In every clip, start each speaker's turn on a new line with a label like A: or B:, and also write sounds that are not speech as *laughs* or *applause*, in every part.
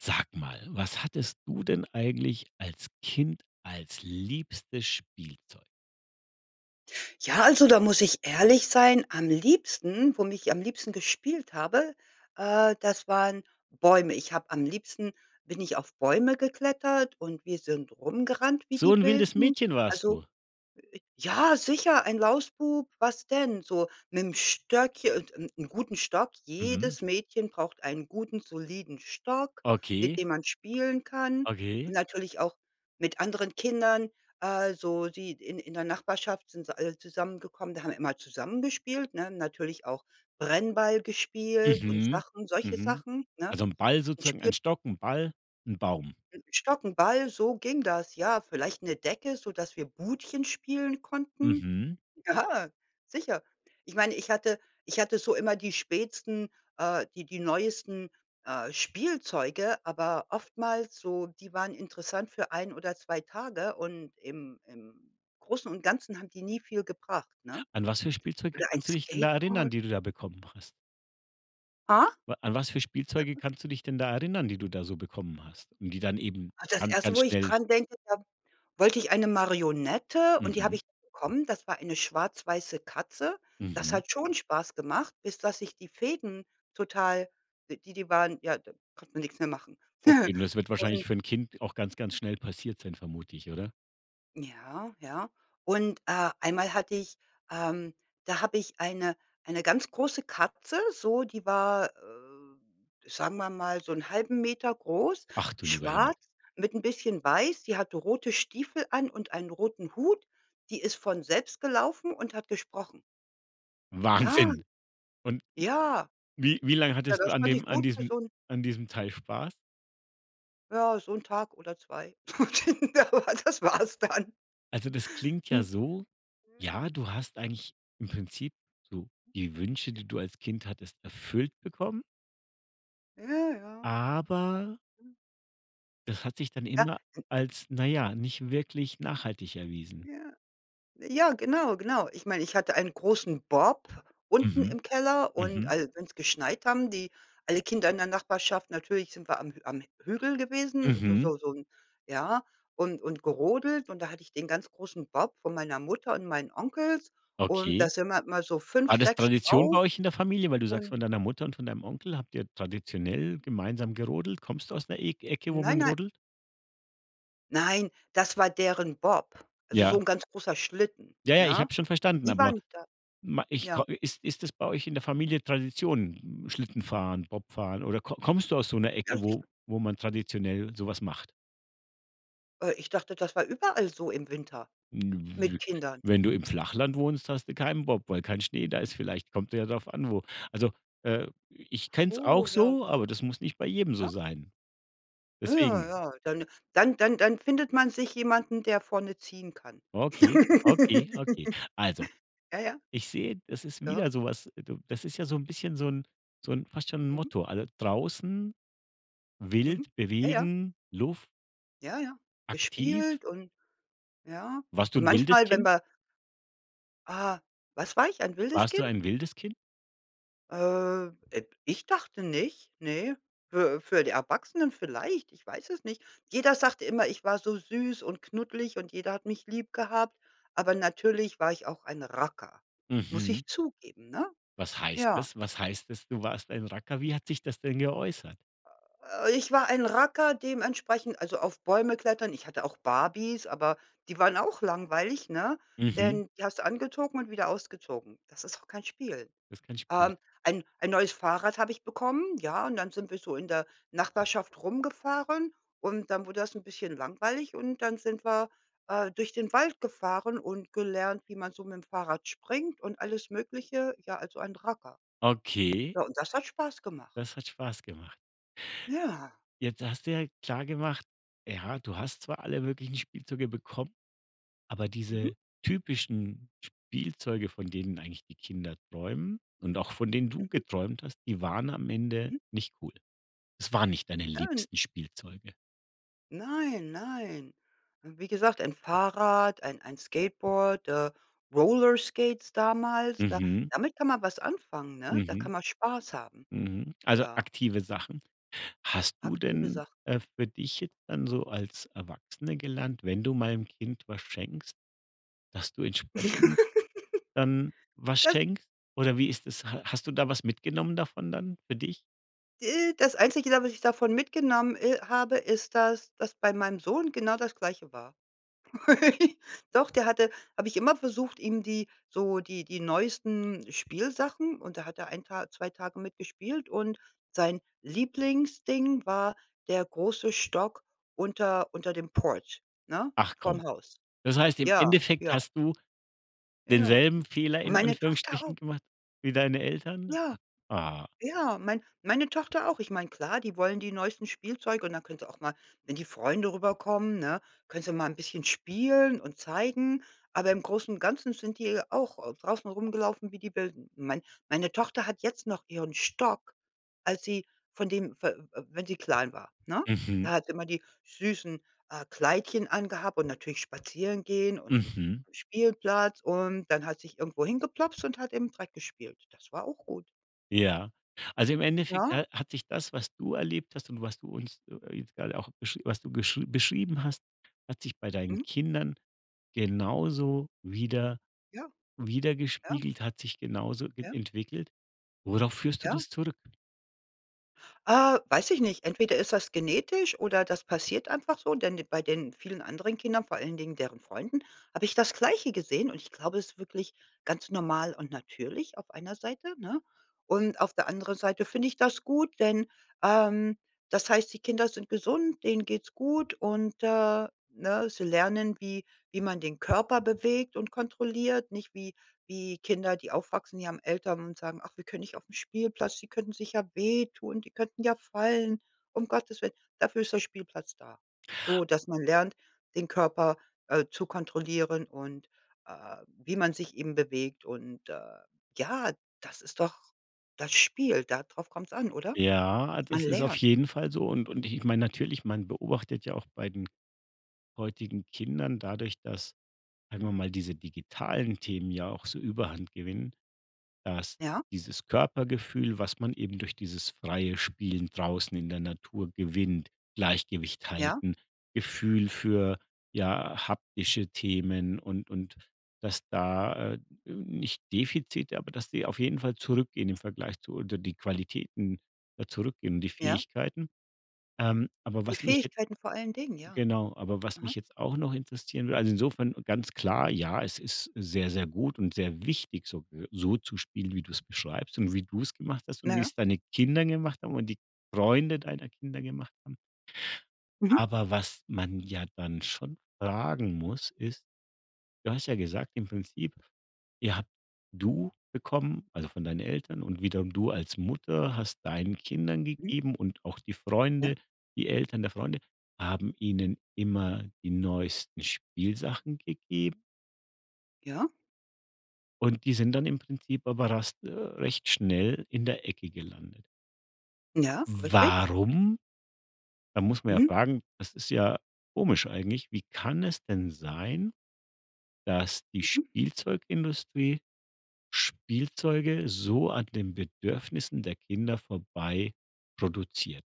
A: Sag mal, was hattest du denn eigentlich als Kind, als liebstes Spielzeug?
B: Ja, also, da muss ich ehrlich sein, am liebsten, womit ich am liebsten gespielt habe, äh, das waren Bäume. Ich habe am liebsten bin ich auf Bäume geklettert und wir sind rumgerannt, wie
A: So
B: die
A: 'n wildes
B: Wilden.
A: Mädchen warst
B: Also
A: du?
B: äh, ja, sicher ein Lausbub, was denn? So mit'm Stöckchen und 'n 'n guten Stock.
A: Mhm.
B: Jedes Mädchen braucht einen guten soliden Stock, mit
A: Okay.
B: dem man spielen kann und
A: Okay.
B: natürlich auch mit anderen Kindern, also, sie in in der Nachbarschaft sind sie alle zusammengekommen, da haben wir immer zusammen gespielt, ne? Natürlich auch Brennball gespielt und
A: Mhm,
B: Sachen, solche
A: mhm.
B: Sachen, ne?
A: Also, 'n Ball
B: Ein
A: sozusagen,
B: Spiel.
A: ein Stock, 'n Ball, 'n Baum?
B: 'N Stock, 'n Ball, so ging das, ja. Vielleicht 'ne Decke, sodass wir Budchen spielen konnten.
A: Mhm.
B: Ja, sicher. Ich meine, ich hatte ich hatte so immer die spätsten äh, die die neuesten, äh, Spielzeuge, aber oftmals so, die waren interessant für 1 oder 2 Tage und im im Großen und Ganzen haben die nie viel gebracht, ne?
A: An was für Spielzeuge
B: Oder ein
A: kannst du dich denn da erinnern,
B: Skateboard.
A: die du da bekommen hast?
B: Ha?
A: Wa an was für Spielzeuge kannst du dich denn da erinnern, die du da so bekommen hast und die dann eben
B: Ah, das
A: ganz,
B: erste,
A: ganz
B: wo ich
A: schnell
B: dran denke, da wollte ich eine Marionette und die habe
A: Mhm.
B: ich bekommen, das war eine schwarz-weiße Katze. Das
A: Mhm.
B: hat schon Spaß gemacht, bis dass sich die Fäden total die die waren ja, da konnte man nix mehr machen.
A: Okay, und
B: *chuckles*
A: das wird wahrscheinlich
B: Und
A: für ’n Kind auch ganz, ganz schnell passiert sein, vermute ich, oder?
B: Ja, ja, und, äh, einmal hatte ich, ähm da habe ich eine eine ganz große Katze, so, die war, äh, sagen wir mal, so 'n 1/2 m groß,
A: Ach, du lieber Himmel.
B: schwarz mit 'n bisschen weiß. Sie hatte rote Stiefel an und einen roten Hut. Die ist von selbst gelaufen und hat gesprochen. Ja.
A: Wahnsinn. Und, hm,
B: Ja.
A: wie wie lang
B: Ja,
A: hattest du
B: das
A: an
B: fand ich
A: dem an
B: gut für
A: diesem
B: so 'n
A: an diesem Teil Spaß?
B: Ja, so 'n Tag oder 2. *laughs* Das war’s dann.
A: Also, das klingt
B: Hm.
A: ja so:
B: Ja.
A: „Ja, du hast eigentlich im Prinzip so die Wünsche,
B: Ja.
A: die du als Kind hattest, erfüllt bekommen"
B: Ja, ja.
A: „aber" „das hat sich dann
B: Ja,
A: immer
B: n
A: als, na ja, nicht wirklich nachhaltig erwiesen.“
B: Ja. Ja, genau, genau. Ich meine, ich hatte einen großen Bob unten
A: Mhm.
B: im Keller und
A: Mhm.
B: als wenn's geschneit, haben die alle Kinder in der Nachbarschaft natürlich sind wir am am Hügel gewesen, so
A: Mhm.
B: so so 'n ja, und und gerodelt und da hatte ich den ganz großen Bob von meiner Mutter und meinen Onkels und da
A: Okay.
B: sind wir immer so 5,
A: War das
B: 6
A: Tradition bei
B: drauf
A: euch in der Familie, weil du sagst,
B: und
A: von deiner Mutter und von deinem Onkel habt ihr traditionell gemeinsam gerodelt? Kommst du aus der Eg Ecke, wo
B: Nein,
A: man
B: nei
A: rodelt?
B: Nein, dass war deren Bob, also, so
A: Ja.
B: 'n ganz großer Schlitten.
A: Ja, ja, ich
B: Ne?
A: habe es schon verstanden,
B: Die
A: aber
B: waren da
A: me ich ko
B: ja.
A: ist ist das bei euch in der Familie Tradition? Schlitten fahren, Bob fahren oder ko kommst du aus so 'ner
B: Ja,
A: Ecke,
B: sicher.
A: wo wo man traditionell so was macht?
B: Äh, ich dachte, das war überall so im Winter mit
A: W
B: Kindern?
A: wenn du im Flachland wohnst, hast du keinen Bob, weil kein Schnee da ist. Vielleicht kommt ja darauf an, wo. Also, äh, ich kenne
B: Ach
A: es
B: so,
A: auch
B: ja
A: so,
B: das.
A: aber das muss nicht bei jedem so
B: Ja.
A: sein.
B: Ja, ja,
A: Deswegen.
B: ja. Dann dann dann findet man sich jemanden, der vorne ziehen kann.
A: Okay, okay, okay. Also,
B: *giggles* Ja, ja.
A: ich sehe, das ist
B: Ja.
A: wieder so was. Du das ist ja so 'n bisschen so 'n so 'n fast schon 'n
B: Mhm.
A: Motto. Alle draußen, wild,
B: Mhm, ja, ja.
A: bewegen, Luft.
B: Ja, ja,
A: Aktiv.
B: gespielt und ja.
A: Warst du
B: Und
A: 'n wildes
B: manchmal, wenn
A: Kind?
B: wir Ah, was war ich? Ein wildes
A: Warst du
B: Kind?
A: ein wildes Kind?
B: Äh, äh, ich dachte nicht, ne, für für die Erwachsenen vielleicht, ich weiß es nicht. Jeder sagte immer, ich war so süß und knuddelig und jeder hat mich lieb gehabt, aber natürlich war ich auch ein Racker. Muss
A: Mhm.
B: ich zugeben, ne?
A: Was heißt
B: Ja.
A: es? Was heißt es, du warst ein Racker? Wie hat sich das denn geäußert?
B: Äh, ich war ein Racker dementsprechend, also, auf Bäume klettern. Ich hatte auch Barbies, aber die waren auch langweilig, ne,
A: Mhm.
B: denn die hast du angezogen und wieder ausgezogen. Das ist doch kein Spiel.
A: Ist kein Spiel.
B: Ähm, ein ein neues Fahrrad habe ich bekommen, ja, und dann sind wir so in der Nachbarschaft rumgefahren und dann wurde das 'n bisschen langweilig und dann sind wir, äh, durch den Wald gefahren und gelernt, wie man so mit'm Fahrrad springt und alles Mögliche, ja, also, ein Racker.
A: Okay.
B: Ja, und das hat Spaß gemacht.
A: Das hat Spaß gemacht.
B: Ja.
A: Jetzt hast du ja klar gemacht: Ja, du hast zwar alle möglichen Spielzeuge bekommen, aber
B: Mhm.
A: diese typischen Spielzeuge, von denen eigentlich die Kinder träumen und auch von denen du
B: Mhm.
A: geträumt hast, die waren am Ende
B: Mhm.
A: nicht gut. Es waren nicht deine
B: Äh, n
A: liebsten Spielzeuge?
B: Nein nein. Wie gesagt, ein Fahrrad, ein ein Skateboard, äh, Roller Skates damals, da
A: Mhm.
B: damit kann man was anfangen, ne? Da
A: Mhm.
B: kann man Spaß haben.
A: Mhm. Also,
B: Ja.
A: aktive Sachen. Hast du
B: Aktive
A: denn,
B: Sachen.
A: äh, für dich jetzt dann so als Erwachsene gelernt, wenn du mal 'nem Kind was schenkst, dass du entsprechend dann
B: *giggles*
A: was
B: Das
A: schenkst oder wie ist das? H hast du da was mitgenommen davon dann für dich?
B: Äh, das Einzige, da was ich davon mitgenommen, äh, habe, ist, dass dass bei meinem Sohn genau das Gleiche war. *laughs* Doch, der hatte habe ich immer versucht, ihm die so die die neuesten Spielsachen und da hat er 1 Tag 2 Tage mit gespielt und sein Lieblingsding war der große Stock unter unter dem Port, ne?
A: Ach
B: Vorm
A: komm.
B: Haus.
A: Das heißt, im
B: Ja,
A: Endeffekt
B: ja.
A: hast du
B: Ja,
A: denselben Fehler in
B: meine Tochter auch.
A: Anführungsstrichen gemacht wie deine Eltern.
B: Ja.
A: Ah.
B: Ja, mein meine Tochter auch. Ich meine, klar, die wollen die neuesten Spielzeuge und dann können sie auch mal- wenn die Freunde rüberkommen, ne- können sie mal 'n bisschen spielen und zeigen, aber im Großen und Ganzen sind die auch au draußen rumgelaufen, wie die Wilden. Mein meine Tochter hat jetzt noch ihren Stock, als sie von dem fe w wenn sie klein war, ne? Da
A: Mhm.
B: hat sie immer die süßen, äh, Kleidchen angehabt und natürlich spazieren gehen und im
A: Mhm.
B: Spielplatz und dann hat sich irgendwo hingeploppst und hat im Dreck gespielt. Das war auch gut.
A: Ja, also, im Endeffekt,
B: Ja.
A: ne, hat sich das, was du erlebt hast und was du uns jetzt grade auch besch was du gesch beschrieben hast, hat sich bei deinen
B: Mhm.
A: Kindern genauso wieder
B: Ja, ja.
A: widergespiegelt, hat sich genauso e
B: Ja.
A: entwickelt. Worauf führst du
B: Ja.
A: das zurück?
B: Äh, weiß ich nicht, entweder ist das genetisch oder das passiert einfach so, denn de bei den vielen anderen Kindern, vor allen Dingen deren Freunden, habe ich das Gleiche gesehen und ich glaube, es ist wirklich ganz normal und natürlich auf einer Seite, ne? Und auf der anderen Seite finde ich das gut, denn, ähm, das heißt, die Kinder sind gesund, denen geht's gut und, äh, ne? Sie lernen, wie wie man den Körper bewegt und kontrolliert, nicht wie wie Kinder, die aufwachsen, die haben Eltern und sagen: „Ach, wir können nicht aufm Spielplatz, sie könnten sich ja wehtun, die könnten ja fallen.“ Um Gottes willen, dafür ist der Spielplatz da. So, dass man lernt, den Körper, äh, zu kontrollieren und, äh, wie man sich eben bewegt. Und, äh, ja, das ist doch das Spiel, da drauf kommt's an, oder?
A: Ja,
B: Man
A: das ist auf
B: lernt.
A: jeden Fall so und und ich meine, natürlich, man beobachtet ja auch bei den heutigen Kindern dadurch, dass, sagen
B: Mhm.
A: wir mal, diese digitalen Themen ja auch so Überhand gewinnen, dass
B: Ja.
A: dieses Körpergefühl, was man eben durch dieses freie Spielen draußen in der Natur gewinnt, Gleichgewicht
B: Ja.
A: halten, Gefühl für, ja, haptische Themen und und dass da äh, nicht Defizite, aber dass die auf jeden Fall zurückgehen im Vergleich zu oder die Qualitäten ja zurückgehen, die
B: Ja.
A: Fähigkeiten. Ähm, aber
B: Die
A: was mich jetzt
B: Fähigkeiten vor allen Dingen, ja.
A: genau, aber was
B: Aha.
A: mich jetzt auch noch interessieren w also, insofern ganz klar, ja, es ist sehr, sehr gut und sehr wichtig so be so zu spielen, wie du es beschreibst und wie du es gemacht hast und wie
B: Ja.
A: es deine Kinder gemacht haben und die Freunde deiner Kinder gemacht haben.
B: Mhm.
A: Aber was man ja dann schon fragen muss, ist: Du hast ja gesagt im Prinzip, ja, du bekommen also, von deinen Eltern und wiederum du als Mutter hast deinen Kindern
B: Mh.
A: gegeben und auch die
B: Ja.
A: Freunde, die Eltern der Freunde haben ihnen immer die neuesten Spielsachen gegeben.
B: Ja.
A: Und die sind dann im Prinzip aber rast recht schnell in der Ecke gelandet.
B: Ja, richtig.
A: Warum? Da muss man ja
B: Mhm.
A: fragen das ist ja komisch eigentlich. Wie kann es denn sein, dass die
B: Mhm.
A: Spielzeugindustrie Spielzeuge so an den Bedürfnissen der Kinder vorbei produziert?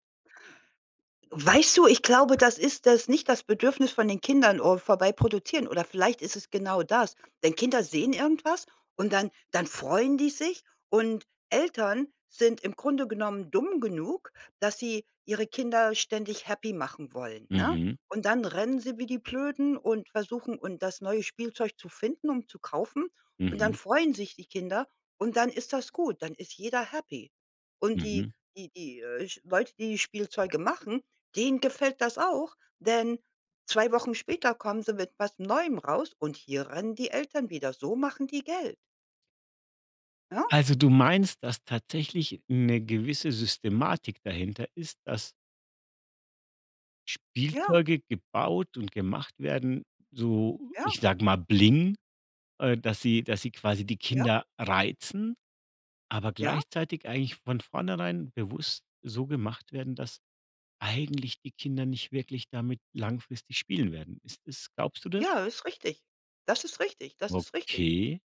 B: Weißt du, ich glaube, das ist das nicht das Bedürfnis von den Kindern *unintelligible* vorbeiproduzieren oder vielleicht ist es genau das. Denn Kinder sehen irgendwas und dann dann freuen die sich und Eltern sind im Grunde genommen dumm genug, dass sie ihre Kinder ständig happy machen wollen, ne?
A: Mhm.
B: Und dann rennen sie wie die Blöden und versuchen und das neue Spielzeug zu finden und zu kaufen, und dann
A: Mhm.
B: freuen sich die Kinder und dann ist das gut. Dann ist jeder happy. Und die
A: Mhm.
B: die die, äh, sch Leute, die Spielzeuge machen, denen gefällt das auch, denn 2 Wochen später kommen sie mit was Neuem raus und hier rennen die Eltern wieder. So machen die Geld. Ja.
A: Also du meinst, dass tatsächlich 'ne gewisse Systematik dahinter ist, dass
B: Ja.
A: Spielzeuge gebaut und gemacht werden, so,
B: Ja.
A: ich sage mal, Bling äh, dass sie dass sie quasi die
B: Ja.
A: Kinder reizen, aber
B: Ja.
A: gleichzeitig eigentlich von vornherein bewusst so gemacht werden, dass eigentlich die Kinder nicht wirklich damit langfristig spielen werden. Ist es glaubst du das?
B: Ja, ist richtig. Das ist richtig, das ist richtig.
A: Okay.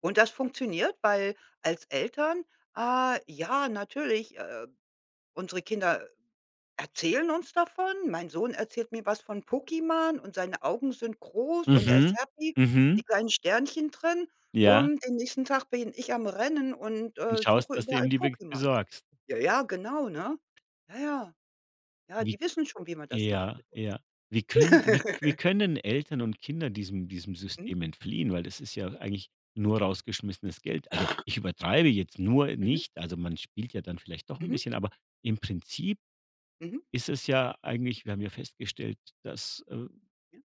B: Und das funktioniert, weil als Eltern ah ja, natürlich, äh, unsere Kinder erzählen uns davon. Mein Sohn erzählt mir was von Pokémon und seine Augen sind groß und er ist
A: Mhm,
B: happy, die
A: mhm.
B: kleinen Sternchen drin
A: Ja.
B: und den nächsten Tag bin ich am Rennen und,
A: Du
B: äh,
A: schaust,
B: suche
A: dass du
B: überall
A: ihm die
B: Pokémon.
A: besorgst.
B: Ja, ja, genau, ne? Ja, ja. Ja,
A: Wie
B: die wissen schon, wie man das macht
A: Ja,
B: mit uns.
A: ja. Wie können wie wie
B: *laughs*
A: können Eltern und Kinder diesem diesem
B: Mhm.
A: System entfliehen, weil das ist ja eigentlich nur rausgeschmissenes Geld. Also,
B: *coughs*
A: ich übertreibe jetzt nur
B: Mhm.
A: nicht also man spielt ja dann vielleicht doch 'n
B: Mhm.
A: bisschen, aber im Prinzip
B: Mhm.
A: ist es ja eigentlich wir haben ja festgestellt, dass, äh
B: Ja.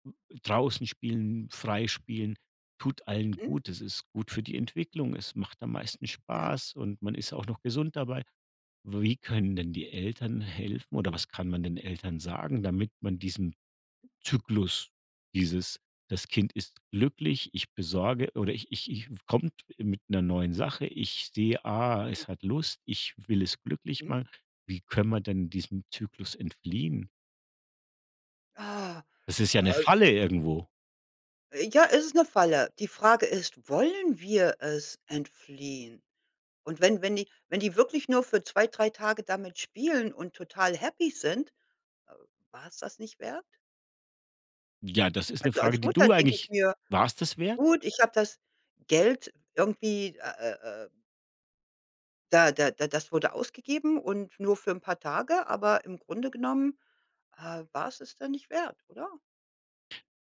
A: draußen spielen, frei spielen tut allen
B: Hm.
A: gut. Es ist gut für die Entwicklung. Es macht am meisten
B: Ja.
A: Spaß und man ist auch noch gesund dabei. Wie können denn die Eltern helfen oder was kann man den Eltern sagen, damit man diesem Zyklus dieses: Das Kind ist glücklich, ich besorge oder ich ich ich w kommt mit 'ner neuen Sache, ich sehe: „Ah, es
B: Mhm.
A: hat Lust, ich will es glücklich
B: Mhm.
A: machen.“ Wie können wir denn diesem Zyklus entfliehen?
B: Äh,
A: Es ist ja 'ne
B: äh
A: Falle irgendwo.
B: Ja, es ist 'ne Falle. Die Frage ist, wollen wir es entfliehen? Und wenn wenn die wenn die wirklich nur für 2, 3 Tage damit spielen und total happy sind, äh, war's das nicht wert?
A: Ja, das ist 'ne
B: Also,
A: Frage,
B: als
A: die
B: Mutter
A: du
B: denke ich
A: eigentlich
B: mir,
A: wars das wert?
B: gut, ich habe das Geld irgendwie, äh, äh, äh da da da das wurde ausgegeben und nur für 'n paar Tage, aber im Grunde genommen, äh, war es es dann nicht wert, oder?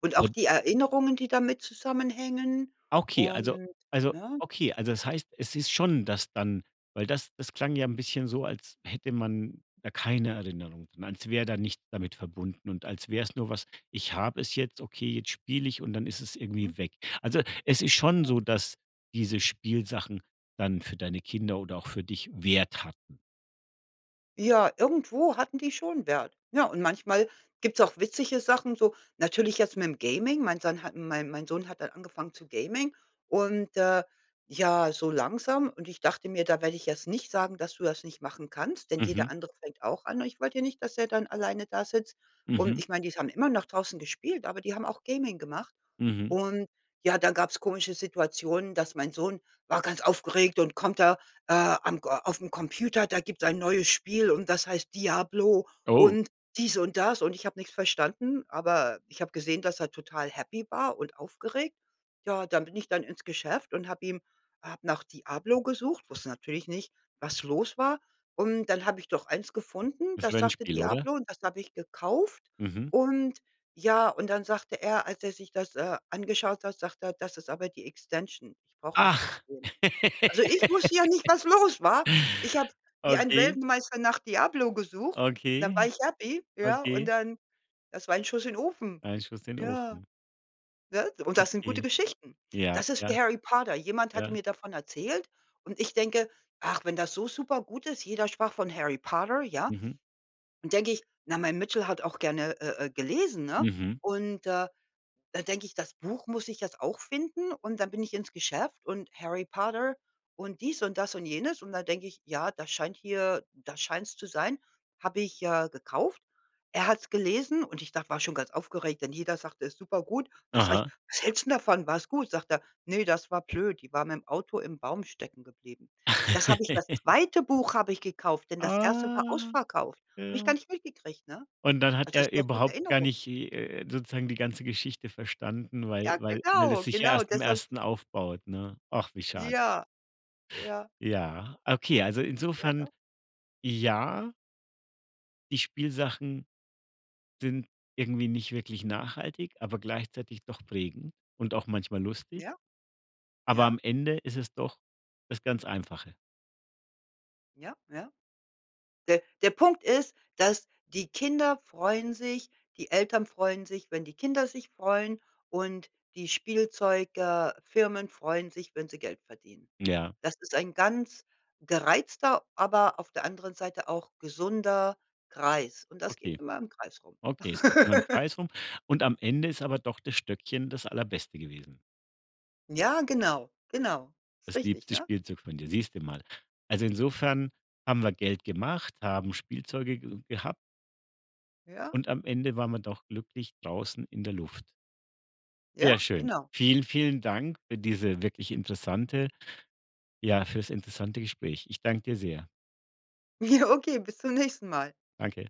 B: Und auch
A: *unintelligible*
B: die Erinnerungen, die damit zusammenhängen
A: Ah okay, also
B: und
A: also
B: ne?
A: okay, also das heißt, es ist schon das dann weil das, das klang ja ein bisschen so, als hätte man da keine Erinnerung, als wäre da nichts damit verbunden und als wäre es nur was, ich habe es jetzt, okay jetzt spiele ich und dann ist es
B: Mhm.
A: irgendwie weg. Also, es ist schon
B: Ja.
A: so, dass diese Spielsachen dann für deine Kinder oder auch für dich Wert hatten.
B: Ja, irgendwo hatten die schon Wert, ne? Und manchmal gibt's auch witzige Sachen so natürlich jetzt mit dem Gaming, mein Sohn hat mein mein Sohn hat dann angefangen zu Gaming und, äh, ja, so langsam und ich dachte mir, da werde ich jetzt nicht sagen, dass du das nicht machen kannst, denn jeder
A: Mhm.
B: andere fängt auch an. Ich wollte ja nicht, dass er dann alleine da sitzt und
A: Mhm.
B: ich mein, die haben immernoch draußen gespielt, aber die haben auch Gaming gemacht.
A: Mhm.
B: Und ja, dann gab's komische Situationen, dass mein Sohn war ganz aufgeregt und kommt da, äh: „Am aufm Computer, da gibt's ein neues Spiel und das heißt, ‚Diablo‘
A: Oh.
B: und dies und das“, und ich habe nichts verstanden, aber ich habe gesehen, dass er total happy war und aufgeregt, ja, dann bin ich dann ins Geschäft und habe ihm habe nach „Diablo“ gesucht, wusste natürlich nicht, was los war und dann habe ich doch eins gefunden,
A: Das
B: das sagte:
A: Rennspiel, oder?
B: „Diablo“, und das habe ich gekauft
A: Mhm.
B: und ja und dann sagte er, als er sich das, äh, angeschaut hat, sagte er: „Das ist aber die Extension. Ich brauch erst das
A: Ach.
B: Game“. Also ich wusste ja nicht,
A: *laughs*
B: was los war. Ich habe wie ein
A: Okay.
B: Weltmeister nach „Diablo“ gesucht und dann
A: Okay,
B: war ich happy, ja, und
A: okay.
B: dann das war ein Schuss in Ofen.
A: Ein Schuss in
B: Ja,
A: Ofen.
B: ne? Und das sind gute
A: Okay.
B: Geschichten.
A: Ja,
B: Das ist wie
A: ja,
B: Harry Potter. Jemand hatte
A: ja.
B: mir davon erzählt und ich denke: „Ach, wenn das so super gut ist“, jeder sprach von Harry Potter, ja?
A: Mhm.
B: Nun denke ich, na, mein Mitchel hat auch gerne, äh äh, gelesen, ne?
A: Mhm.
B: Und, äh, da denke ich: „Das Buch muss ich jetzt auch finden“, und da bin ich ins Geschäft und Harry Potter und dies und das und jenes und da denke ich: „Ja, da scheint hier da scheint's zu sein“, habe ich, äh, gekauft. Er hat's gelesen und ich dachte war schon ganz aufgeregt, denn jeder sagte: „Ist super gut“. Das sage
A: Aha.
B: ich: „Was hältst denn davon war es gut?“, sagte er: „Ne, das war blöd. Die waren mit dem Auto im Baum stecken geblieben“. Das habe ich das
A: *chuckles*
B: zweite Buch habe ich gekauft, denn das
A: Ah,
B: erste war ausverkauft. Habe ich gar
A: ja.
B: nicht mitgekriegt, ne?
A: Und dann hat
B: Also, das
A: er
B: sind doch gute
A: überhaupt gar
B: Erinnerungen.
A: nicht, äh äh, sozusagen die ganze Geschichte verstanden, weil
B: Ja,
A: weil weil
B: genau,
A: es sich ja
B: genau
A: erst im
B: deshalb
A: 1. aufbaut, ne? Ach, wie schade.
B: Ja, ja.
A: Ja, okay, also
B: Ja,
A: insofern
B: doch.
A: ja die Spielsachen sind irgendwie nicht wirklich nachhaltig, aber gleichzeitig doch prägend und auch manchmal lustig
B: Ja,
A: aber am
B: ja.
A: Ende ist es doch das ganz Einfache.
B: Ja, ja. Der der Punkt ist, dass die Kinder freuen sich, die Eltern freuen sich, wenn die Kinder sich freuen und die Spielzeug äh, Firmen freuen sich, wenn sie Geld verdienen.
A: Ja.
B: Das ist ein ganz gereizter, aber auf der anderen Seite auch gesunder Kreis und das geht
A: Okay,
B: immer im Kreis rum.
A: okay, es geht um den
B: *laughs*
A: Preis rum und am Ende ist aber doch das Stöckchen das Allerbeste gewesen.
B: Ja, genau, genau. Ist
A: Das
B: richtig,
A: liebste
B: ne?
A: Spielzeug von dir, siehst du mal. Also, insofern haben wir Geld gemacht, haben Spielzeuge ge gehabt
B: Ja.
A: und am Ende waren wir doch glücklich draußen in der Luft. Sehr
B: Ja,
A: schön.
B: genau.
A: Vielen, vielen Dank für diese wirklich interessante ja, fürs interessante Gespräch. Ich danke dir sehr.
B: Ja, okay, bis zum nächsten Mal.
A: Danke.